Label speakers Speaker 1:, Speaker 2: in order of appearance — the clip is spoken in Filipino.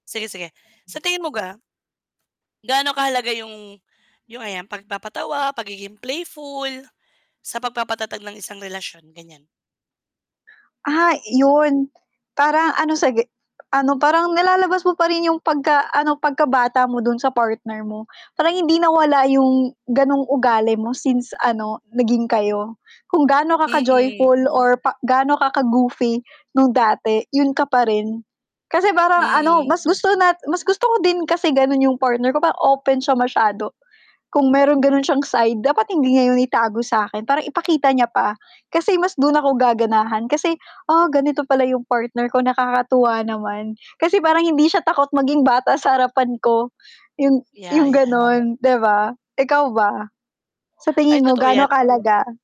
Speaker 1: Sige, sige. Sa tingin mo ga, gaano kahalaga yung yung ayan pagpapa-tawa, pagiging playful, sa pagpapa-tatag ng isang relasyon, gan'yan?
Speaker 2: Ah yun, parang ano sige ano parang nalalabas mo pa rin yung pagka-ano, pagkabata mo dun sa partner mo, parang hindi nawala yung ganung ugali mo since ano naging kayo. Kung gaano
Speaker 1: Mm.
Speaker 2: ka-joyful or pa gaano ka ka-goofy nung dati, yun ka pa rin, kasi parang ano
Speaker 1: Mhm.
Speaker 2: mas gusto na mas gusto ko din kasi ganun yung partner ko, parang open siya masyado kung meron gano'n s'yang side dapat hindi nga itago sakin, parang ipakita niya pa kasi mas dun ako gaganahan kasi, "Ah ganito pala yung partner ko nakakatuwa naman. Kasi parang hindi siya takot maging bata sa harapan ko" yung
Speaker 1: Yeah,
Speaker 2: yung
Speaker 1: yeah.
Speaker 2: gano'n, 'di ba? Ikaw ba, sa
Speaker 1: Ay
Speaker 2: tingin mo
Speaker 1: totoo
Speaker 2: gaano
Speaker 1: 'yan.
Speaker 2: kahalaga?